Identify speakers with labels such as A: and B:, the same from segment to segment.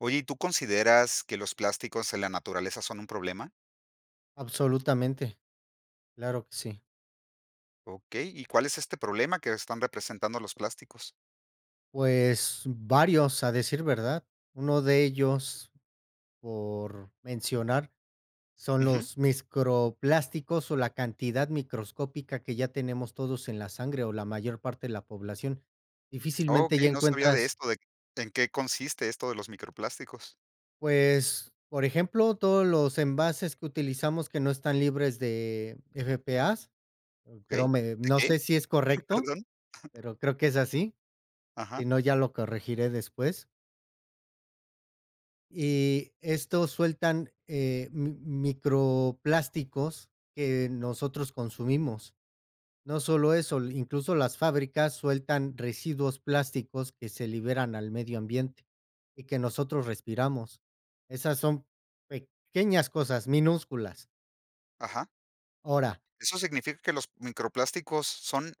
A: Oye, ¿y tú consideras que los plásticos en la naturaleza son un problema?
B: Absolutamente. Claro que sí.
A: Okey. ¿Y cuál es este problema que están representando los plásticos?
B: Pues, varios a decir verdad. Uno de ellos por mencionar son
A: Ujú.
B: los microplásticos o la cantidad microscópica que ya tenemos todos en la sangre o la mayor parte de la población. Difícilmente ya
A: Okey, no sabía de
B: encuentras
A: esto, de ¿en qué consiste esto de los microplásticos?
B: Pues, por ejemplo, todos los envases que utilizamos que no están libres de PFAS, creo
A: Okey.
B: me
A: ¿De
B: no
A: qué?,
B: sé si es correcto,
A: perdón.
B: pero creo que es así. Si
A: Ajá.
B: no, ya lo corregiré después. Y estos sueltan, eh, mi microplásticos que nosotros consumimos. No solo eso, incluso las fábricas sueltan residuos plásticos que se liberan al medio ambiente y que nosotros respiramos. Esas son pequeñas cosas minúsculas.
A: Ajá.
B: Ahora.
A: ¿Eso significa que los microplásticos son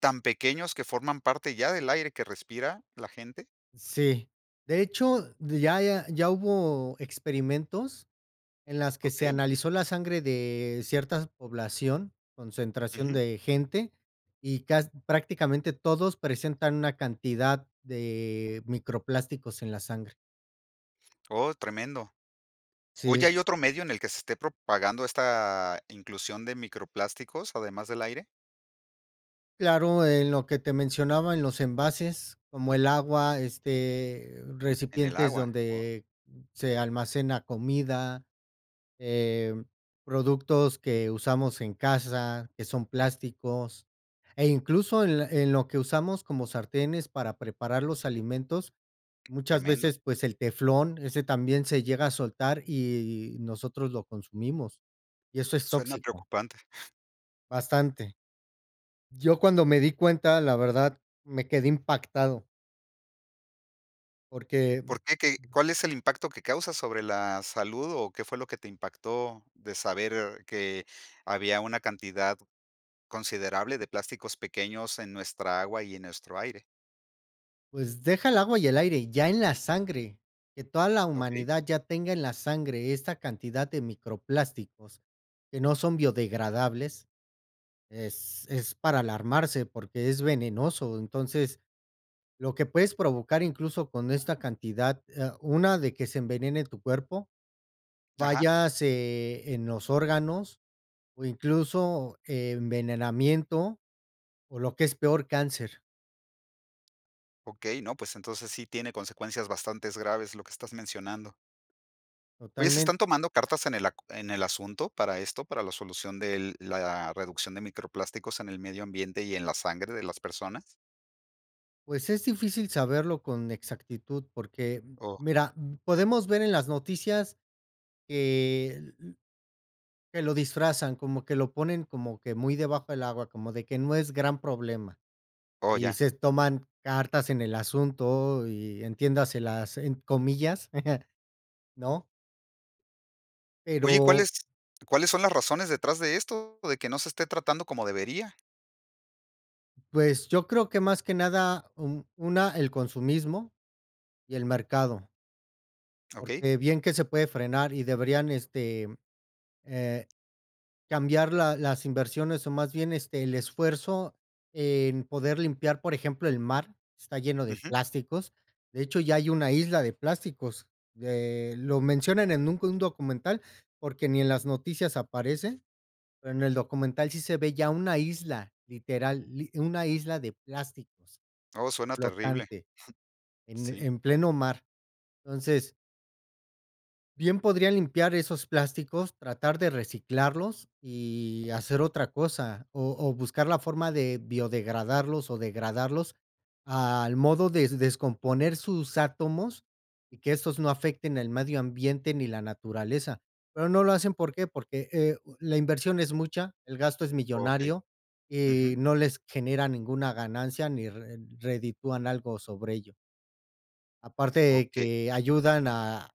A: tan pequeños que forman parte ya del aire que respira la gente?
B: Sí, de hecho, ya ya ya hubo experimentos en las que se
A: Okey.
B: analizó la sangre de ciertas población, concentración
A: Ujú.
B: de gente, y cas prácticamente todos presentan una cantidad de microplásticos en la sangre.
A: Oh, tremendo. Oye,
B: Sí.
A: ¿hay otro medio en el que se esté propagando esta inclusión de microplásticos, además del aire?
B: Claro, en lo que te mencionaba en los envases como el agua, este,
A: En el
B: recipientes
A: agua, wao.
B: donde se almacena comida, em, productos que usamos en casa, que son plásticos, e incluso, en en lo que usamos como sartenes para preparar los alimentos muchas
A: Tremendo.
B: veces, pues, el teflón, ese también se llega a soltar y nosotros lo consumimos. Y eso es
A: Suena
B: tóxico.
A: preocupante.
B: Bastante. Yo cuando me di cuenta, la verdad, me quedé impactado. Porque
A: ¿Por qué qué cuál es el impacto que causa sobre la salud o qué fue lo que te impactó de saber que había una cantidad considerable de plásticos pequeños en nuestra agua y en nuestro aire?
B: Pues deja el agua y el aire, ya en la sangre que toda la
A: Okey.
B: humanidad ya tenga en la sangre esta cantidad de microplásticos que no son biodegradables es es para alarmarse porque es venenoso, entonces lo que puedes provocar incluso con esta cantidad, eh, una de que se envenene tu cuerpo,
A: Ajá.
B: fallas, eh, en los órganos o incluso envenenamiento o lo que es peor cáncer.
A: Okey, no, pues entonces sí tiene consecuencias bastantes graves lo que estás mencionando. Oye, ¿se
B: Totalmen
A: están tomando cartas en el ac en el asunto para esto, para la solución del la reducción de microplásticos en el medio ambiente y en la sangre de las personas?
B: Pues es difícil saberlo con exactitud, porque
A: Oh.
B: mira, podemos ver en las noticias que que lo disfrazan como que lo ponen como que muy debajo del agua, como de que no es gran problema
A: Oh,
B: y
A: ya.
B: se toman cartas en el asunto y entiendas en las, eh, comillas, ¿no?
A: Oye,
B: Pero
A: ¿cuáles cuáles son las razones detrás de esto de que no se esté tratando como debería?
B: pues yo creo que más que nada un una el consumismo y el mercado.
A: Okey.
B: Porque bien que se puede frenar y deberían este, eh, cambiar la las inversiones o más bien este, el esfuerzo en poder limpiar, por ejemplo, el mar, está lleno de
A: Ujú.
B: plásticos. De hecho, ya hay una isla de plásticos, eh, lo mencionan en un un documental porque ni en las noticias aparece, pero en el documental sí se ve ya una isla literal, una isla de plásticos
A: Oh, suena terrible, jum,
B: flotante en
A: sí.
B: en pleno mar, entonces Bien podría limpiar esos plásticos, tratar de reciclarlos y hacer otra cosa o o buscar la forma de biodegradarlos o degradarlos al modo des descomponer sus átomos y que estos no afecten el medio ambiente ni la naturaleza. Pero no lo hacen, ¿por qué?, porque, eh, u la inversión es mucha. El gasto es
A: Okey.
B: millonario y
A: Ujú.
B: no les genera ninguna ganancia ni re reditúan algo sobre ello. Aparte
A: Okey.
B: que ayudan a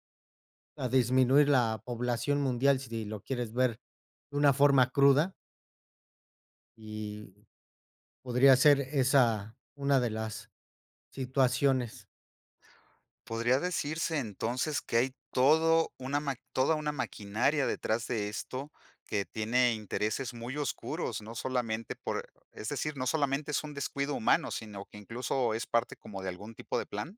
B: a disminuir la población mundial si lo quieres ver de una forma cruda y podría ser esa una de las situaciones.
A: ¿Podría decirse entonces que hay todo una ma toda una maquinaria detrás de esto, que tiene intereses muy oscuros, no solamente por, es decir, no solamente es un descuido humano, sino que incluso es parte como de algún tipo de plan?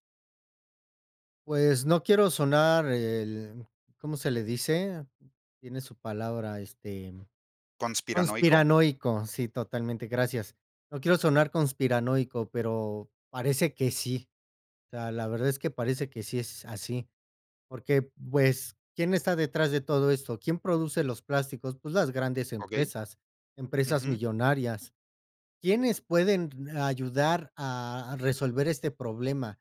B: Pues no quiero sonar el, ¿cómo se le dice?, tiene su palabra este
A: ¿Conspiranoico?
B: conspiranoico. Sí, totalmente, gracias. No quiero sonar conspiranoico, pero parece que sí. La la verdad es que parece que sí es así, porque, pues, ¿quién está detrás de todo esto? ¿Quién produce los plásticos? Pues las grandes
A: Okey.
B: empresas, empresas
A: Ujú.
B: millonarias. ¿Quiénes pueden d ayudar a a resolver este problema?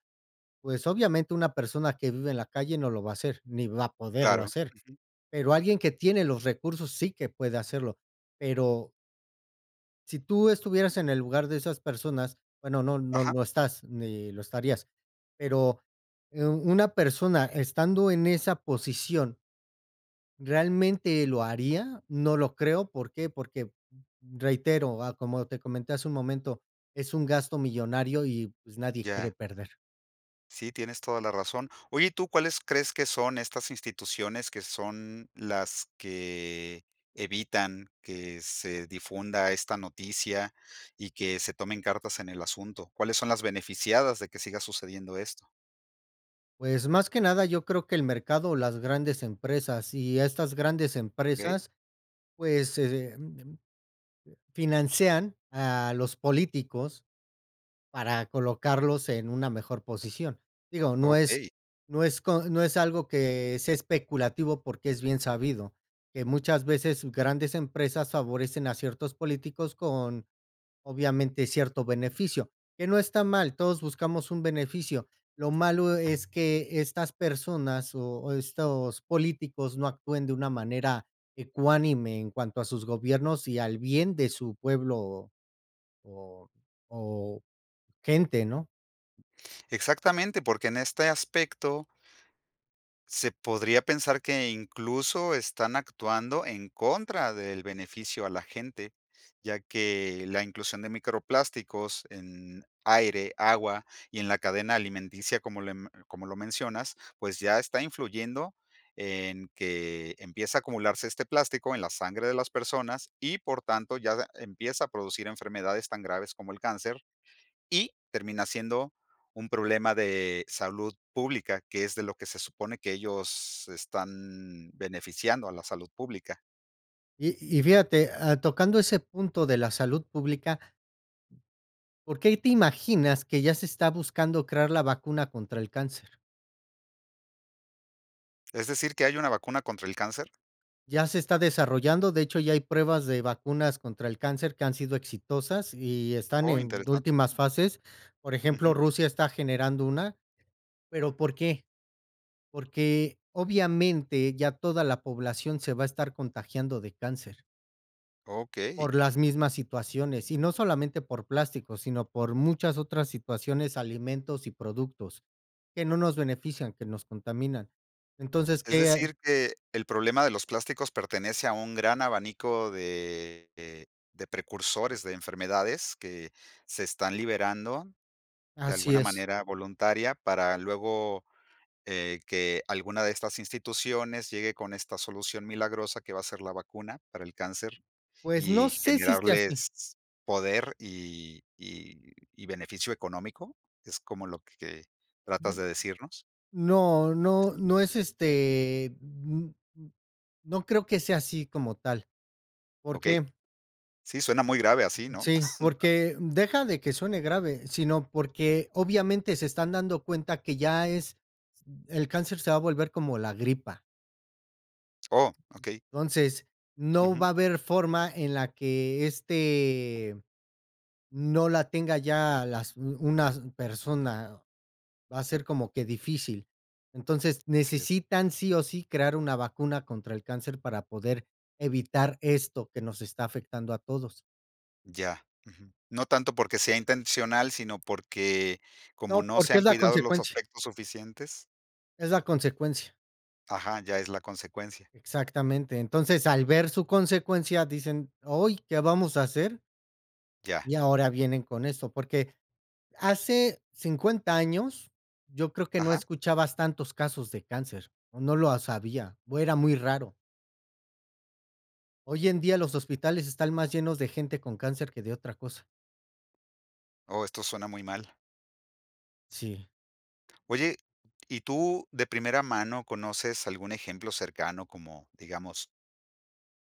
B: Pues obviamente una persona que vive en la calle no lo va a hacer, ni va a poderlo
A: Claro,
B: hacer.
A: ujú.
B: Pero alguien que tiene los recursos sí que puede hacerlo, pero Si tú estuvieras en el lugar de esas personas. Bueno, no no
A: Ajá.
B: lo estás ni lo estarías. Pero, eh, u una persona estando en esa posición ¿realmente lo haría? No lo creo. ¿Por qué? Porque, reitero, ah, como te comenté hace un momento, es un gasto millonario y, pues, nadie quiere
A: Ya.
B: perder.
A: Sí, tienes toda la razón. Oye, ¿y tú, ¿cuáles crees que son estas instituciones que son las que evitan que se difunda esta noticia y que se tomen cartas en el asunto? ¿Cuáles son las beneficiadas de que siga sucediendo esto?
B: Pues más que nada, yo creo que el mercado o las grandes empresas y estas grandes
A: Okey.
B: empresas, pues, eh, mm, mm, eh, financian a los políticos para colocarlos en una mejor posición. Digo, no es
A: Okey.
B: no es co no es algo que sea especulativo, porque es bien sabido que muchas veces s grandes empresas favorecen a ciertos políticos con, obviamente, cierto beneficio, que no está mal. Todos buscamos un beneficio. Lo malo es que estas personas o estos políticos no actúen de una manera ecuánime en cuanto a sus gobiernos y al bien de su pueblo o o o gente, ¿no?
A: Exactamente porque en este aspecto se podría pensar que incluso están actuando en contra del beneficio a la gente, ya que la inclusión de microplásticos en aire, agua y en la cadena alimenticia, como lem como lo mencionas, pues ya está influyendo en que empieza a acumularse este plástico en la sangre de las personas y, por tanto, ya empieza a producir enfermedades tan graves como el cáncer y termina siendo un problema de salud pública, que es de lo que se supone que ellos están beneficiando a la salud pública.
B: Y y fíjate, ah, tocando ese punto de la salud pública ¿Por qué y te imaginas que ya se está buscando crear la vacuna contra el cáncer?
A: ¿Es decir que hay una vacuna contra el cáncer?
B: Ya se está desarrollando. De hecho, ya hay pruebas de vacunas contra el cáncer que han sido exitosas y están
A: Oh,
B: en
A: interesante.
B: últimas fases. Por ejemplo,
A: Ujú.
B: Rusia está generando una. Pero, ¿por qué? Porque, obviamente, ya toda la población se va a estar contagiando de cáncer.
A: Okey.
B: Por las mismas situaciones y no solamente por plástico, sino por muchas otras situaciones, alimentos y productos, que no nos benefician, que nos contaminan. Entonces
A: ¿Es
B: qué a
A: decir, que el problema de los plásticos pertenece a un gran abanico de de precursores de enfermedades que se están liberando de
B: Así
A: alguna
B: es.
A: manera voluntaria para luego, eh, que alguna de estas instituciones llegue con esta solución milagrosa que va a ser la vacuna para el cáncer
B: Pues, no
A: y
B: sé si sea así.
A: generarles poder y y y beneficio económico? ¿Es como lo que tratas de decirnos?
B: No, no, no es este, n n no creo que sea así como tal. ¿Por
A: Okey.
B: qué?
A: Sí, suena muy grave así, ¿no?
B: Sí, porque, deja de que suene grave, sino porque obviamente se están dando cuenta que ya es el cáncer se va a volver como la gripa.
A: ¡Oh!, okey.
B: Entonces, no
A: Ujú.
B: va a haber forma en la que este no la tenga ya las u unas persona va a ser como que difícil. Entonces,
A: Así es.
B: necesitan sí o sí crear una vacuna contra el cáncer para poder evitar esto que nos está afectando a todos.
A: Ya, ujú. No tanto porque sea intencional, sino porque como
B: No,
A: no se
B: porque es
A: han
B: la
A: cuidado los
B: consecuencia.
A: aspectos suficientes.
B: Es la consecuencia.
A: Ajá, ya es la consecuencia.
B: Exactamente. Entonces, al ver su consecuencia, dicen: "Oy, ¿qué vamos a hacer?"
A: Ya.
B: Y ahora vienen con eso porque, hace 50 años, yo creo que no
A: Ajá.
B: escuchabas tantos casos de cáncer, o no los había, o era muy raro. Hoy en día los hospitales están más llenos de gente con cáncer, que de otra cosa.
A: Oh, esto suena muy mal.
B: Sí.
A: Oye, y tú de primera mano conoces algún ejemplo cercano, como digamos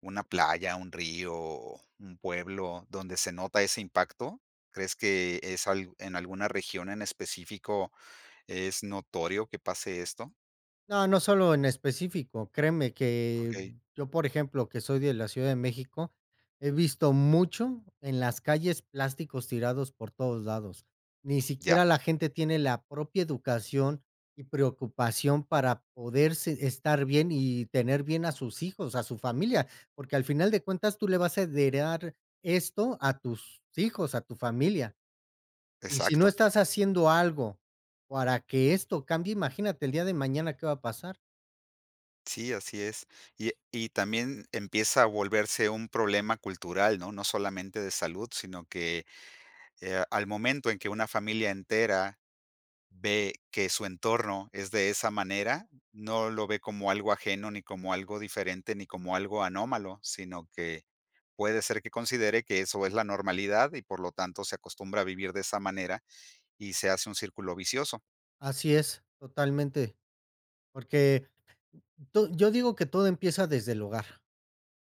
A: Una playa, un río, o un pueblo donde se nota ese impacto, ¿crees que es al en alguna región en específico es notorio que pase esto?
B: No, no solo en específico, créeme que
A: Okey.
B: yo, por ejemplo, que soy de la ciudad de México he visto mucho en las calles plásticos tirados por todos lados. Ni
A: Ya.
B: siquiera la gente tiene la propia educación y preocupación para poder se estar bien y tener bien a sus hijos, a su familia, porque al final de cuentas tú le vas a heredar esto a tus hijos, a tu familia. Y si no
A: Exacto.
B: estás haciendo algo para que esto cambie, imagínate el día de mañana, ¿qué va a pasar?
A: Sí, así es. Y, eh, y también empieza a volverse un problema cultural, ¿no?, no solamente de salud, sino que, eh, ah, al momento en que una familia entera ve que su entorno es de esa manera, no lo ve como algo ajeno ni como algo diferente, ni como algo anómalo, sino que puede ser que considere que eso es la normalidad y, por lo tanto, se acostumbra a vivir de esa manera y se hace un círculo vicioso.
B: Así es totalmente. Porque to yo digo que todo empieza desde el hogar.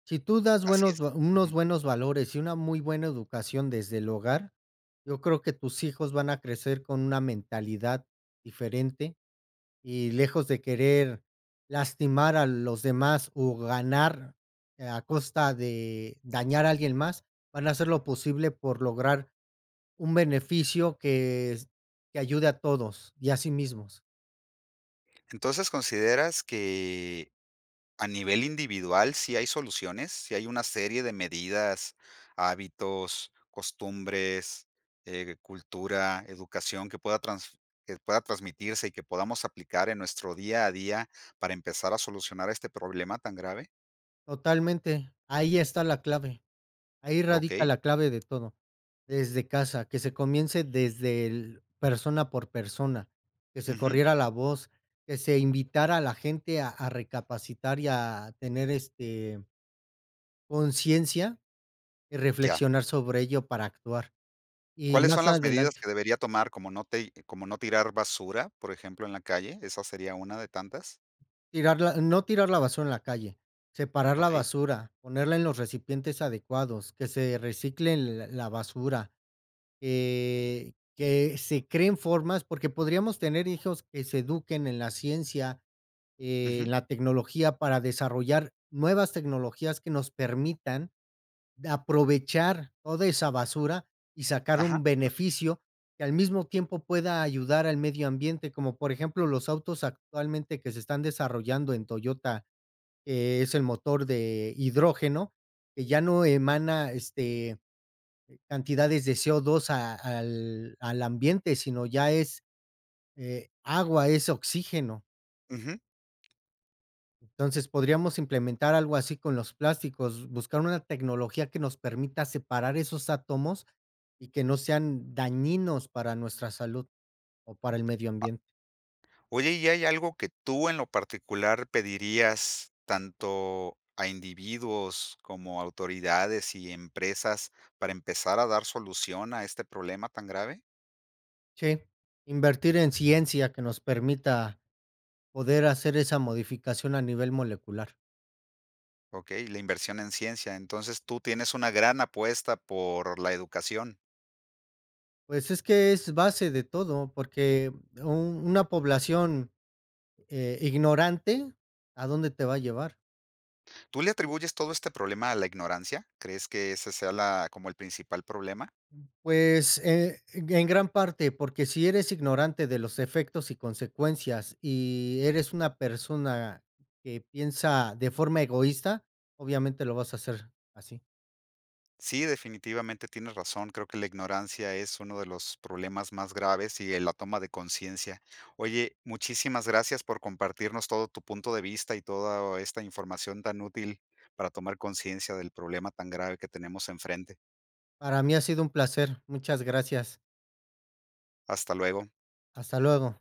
B: Si tú das
A: Así
B: buenos,
A: es,
B: unos
A: ujú.
B: buenos valores y una muy buena educación desde el hogar, yo creo que tus hijos van a crecer con una mentalidad diferente, y lejos de querer lastimar a los demás, o ganar a costa de dañar a alguien más, van a hacer lo posible por lograr un beneficio que que ayude a todos y a sí mismos.
A: ¿Entonces, consideras que a nivel individual sí hay soluciones?, ¿si hay una serie de medidas, hábitos, costumbres, eh, cultura, educación que pueda transf eh, que pueda transmitirse y que podamos aplicar en nuestro día a día para empezar a solucionar este problema tan grave?
B: Totalmente. Ahí está la clave. Ahí radica
A: Okey.
B: la clave de todo, desde casa que se comience desde el, persona por persona que se
A: Ujú.
B: corriera la voz, que se invitara a la gente a a recapacitar, y a tener este conciencia y
A: Ya.
B: reflexionar sobre ello para actuar. Y
A: ¿Cuáles
B: más
A: son las medidas
B: adelante
A: que debería tomar como no tei eh, como no tirar basura, por ejemplo, en la calle, esa sería una de tantas?
B: tirarla no tirar la basura en la calle, separar la
A: Okey.
B: basura, ponerla en los recipientes adecuados que se reciclen la la basura. Eh, que se creen formas, porque podríamos tener hijos que se eduquen en la ciencia,
A: Ujú.
B: en la tecnología para desarrollar nuevas tecnologías que nos permitan, de aprovechar toda esa basura y sacar un
A: Ajá. Eh.
B: beneficio que al mismo tiempo pueda ayudar al medio ambiente, como por ejemplo los autos actualmente que se están desarrollando en Toyota. Es el motor de hidrógeno que ya no emana este cantidades de CO2 a, al al ambiente, sino ya es, eh, agua, es oxígeno.
A: Ujú.
B: Entonces podríamos implementar algo así con los plásticos, buscar una tecnología que nos permita separar esos átomos y que no sean dañinos para nuestra salud o para el medio
A: A
B: ambiente.
A: Oye, ¿y hay algo que tú en lo particular pedirías tanto a individuos como a autoridades y empresas para empezar a dar solución a este problema tan grave?
B: Sí, invertir en ciencia que nos permita poder hacer esa modificación a nivel molecular.
A: Okey, la inversión en ciencia. Entonces tú tienes una gran apuesta por la educación.
B: Pues es que es base de todo, porque u una población, eh, ignorante, ¿a dónde te va a llevar?
A: ¿Tú le atribuyes todo este problema a la ignorancia? ¿Crees que ese sea la como el principal problema?
B: Pues, eh, ge en gran parte, porque si eres ignorante de los efectos y consecuencias y eres una persona que piensa de forma egoísta, obviamente lo vas a hacer así.
A: Sí, definitivamente, tienes razón. Creo que la ignorancia es uno de los problemas más graves y en la toma de conciencia. Oye, muchísimas gracias por compartirnos todo tu punto de vista y toda esta información tan útil para tomar conciencia del problema tan grave que tenemos enfrente.
B: Para mí ha sido un placer. Muchas gracias.
A: Hasta luego.
B: Hasta luego.